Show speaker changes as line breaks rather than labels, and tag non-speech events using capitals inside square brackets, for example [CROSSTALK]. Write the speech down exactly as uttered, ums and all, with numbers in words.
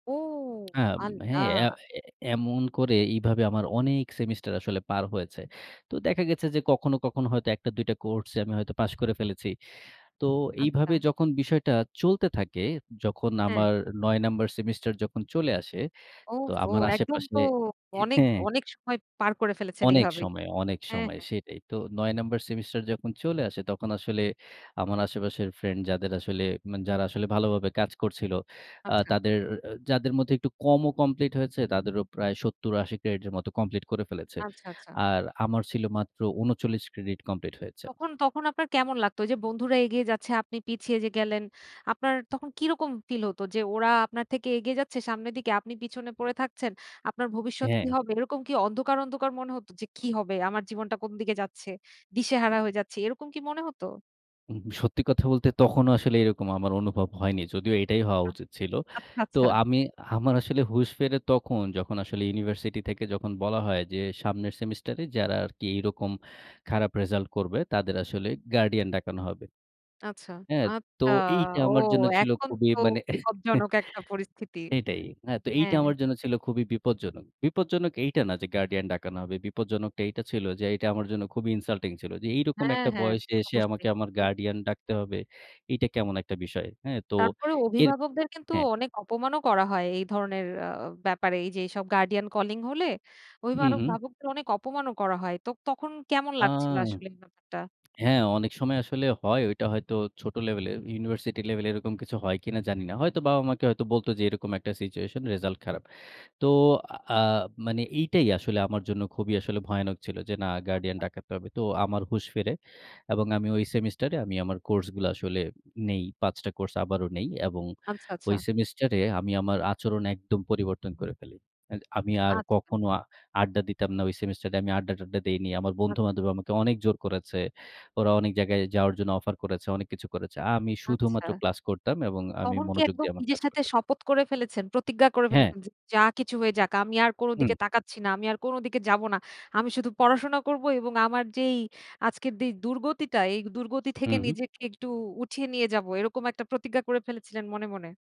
ও!
আব হ্যাঁ, এ,
আল্লাহ।
এ এমন করে এভাবে আমার অনেক সেমিস্টার আসলে পার হয়েছে। তো দেখা গেছে যে, কখনো, কখনো হয়তো এক টা-দুই টা কোর্সে আমি হয়তো পাশ করে ফেলেছি। তো
আচ্ছা।
এইভাবে যখন বিষয়টা চলতে থাকে, যখন
হ্যাঁ।
আমার নয় নাম্বার সেমিস্টার যখন চলে আসে তো
ওফফো!
আমার
একদম
আশেপাশে
তো
হে
অনেক,
হ্যাঁ
অনেক সময় পার করে ফেলেছেন
অনেক
এইভাবেই।
সময়, অনেক
হ্যাঁ,
সময়
হ্যাঁ।
সেটাই। তো নয় নাম্বার সেমিস্টার যখন চলে আসে তখন আসলে আমার আশেপাশের ফ্রেন্ড যাদের আসলে, উ মানে যারা আসলে ভালোভাবে কাজ করছিল আ
আচ্ছা।
তাদের, আ যাদের মধ্যে একটু কমও কমপ্লিট হয়েছে তাদেরও প্রায় সত্তর থেকে আশি ক্রেডিটের মতো কমপ্লিট করে ফেলেছে।
আচ্ছা, আচ্ছা।
আর আমার ছিল মাত্র উনচল্লিশ ক্রেডিট কমপ্লিট হয়েছে।
তখন তখন আপনার কেমন লাগতো? এইযে বন্ধুরা এগিয়ে যাচ্ছে আপনি পিছিয়ে যে, গেলেন, আপনার তখন কি রকম ফিল হতো যে, ওরা আপনার থেকে এগিয়ে যাচ্ছে সামনের দিকে আপনি পিছনে পড়ে থাকছেন, আপনার ভবিষ্যৎ কি
হ্যাঁ।
হবে? এরকম কি অন্ধকার, অন্ধকার মনে হত যে, কি হবে? আমার জীবনটা কোন দিকে যাচ্ছে, দিশেহারা হয়ে যাচ্ছে এরকম কি মনে হত?
উ সত্যি কথা বলতে তখনো আসলে এরকম আমার অনুভব হয়নি যদিও এটাই হওয়া
আ
উচিত ছিল।
আচ্ছা,
তো
আচ্ছা।
আমি, আমার আসলে হুশ ফিরে তখন যখন আসলে ইউনিভার্সিটি থেকে যখন বলা হয় যে, সামনের সেমিস্টারে যারা আরকি এরকম খারাপ রেসাল্ট করবে তাদের আসলে গার্ডিয়ান ডাকানো হবে।
আচ্ছা,
হ্যাঁ, তো
আচ্ছা।
এইটা
ও
আমার জন্য ছিল
এখন
খুবই
তো
মানে [CHUCKLES]
বিপদজনক একটা পরিস্থিতি,
এটাই। আ তো এইটা
হ্যাঁ।
আমার জন্য খুবই বিপজ্জনক। বিপজ্জনক এইটা না যে, গার্ডিয়ান ডাকানো হবে, বিপজ্জনকটা এইটা ছিল যে, এইটা আমার জন্য খুবই ইনসাল্টিং ছিল। যে, এইরকম
হ্যাঁ,
একটা
হ্যাঁ,
বয়সে এসে
অবশ্যই।
আমাকে আমার
হুম।
গার্ডিয়ান ডাকতে হবে? এইটা কেমন একটা বিষয়, হ্যাঁ? তো
তারপরে
এর
অভিভাবকদের কিন্তু
হ্যাঁ।
অনেক অপমান ও করা হয় এই ধরণের আ ব্যাপারে এইযে এইসব গার্ডিয়ান কলিং হলে
হু,
অভিভার
হুম।
ভাবকদের অনেক অপমানও করা হয়, তো তখন কেমন
আ
লাগছিলো আসলে ব্যাপারটা?
হ্যাঁ, অনেক সময় আসলে হয়। ওইটা হয়তো ছোট লেভেলে, ইউনিভার্সিটি লেভেলে এরকম কিছু হয় কিনা জানি না। হয়তো বাবা-মা কে বলত যে, এরকম একটা সিচুয়েশন রেসাল্ট খারাপ। তো আ মানে এইটাই আসলে আমার জন্য খুবই আসলে ভয়ানক ছিল যে, না গার্ডিয়ান
আচ্ছা।
ডাকাতে হবে, তো আমার হুঁশ ফেরে। এবং আমি ওই সেমিস্টার এ আমি আমার কোর্সগুলা আসলে নেই, পাঁচ টা কোর্স আবারও নেই। এবং
আচ্ছা, আচ্ছা।
ওই সেমিস্টার এ আমি আমার আচরণ একদম পরিবর্তন করে ফেলি। এ আমি আর
আচ্ছা।
কখনো আড্ডা দিতাম না, ওই সেমিস্টারে আমি আড্ডা-টাড্ডা দেইনি। আমার
আ
বন্ধু-বান্ধবী আমাকে অনেক জোর করেছে, ওরা অনেক জায়গায় যাওয়ার জন্য অফার করেছে, অনেক কিছু করেছে। আমি শুধুমাত্র
আচ্ছা।
ক্লাস করতাম এবং আমি
তখন কি
মনোযোগ
একদম
দিয়ে আমার
নিজের
কাজ
সাথে
করতাম।
শপথ করে ফেলেছেন, প্রতিজ্ঞা করে
হ্যাঁ।
ফেলেছেন? যে, যা কিছু হয়ে যাক আমি আর কোনো
হুম।
দিকে তাকাচ্ছি না, আমি আর কোনো দিকে যাবো না। আমি শুধু পড়াশোনা করবো এবং আমার যেই আজকের যে, দূর্গতিটা এই দূর্গতি থেকে
হুম।
নিজেকে একটু উঠিয়ে নিয়ে যাবো। এরকম একটা প্রতিজ্ঞা করে ফেলেছিলেন মনে, মনে?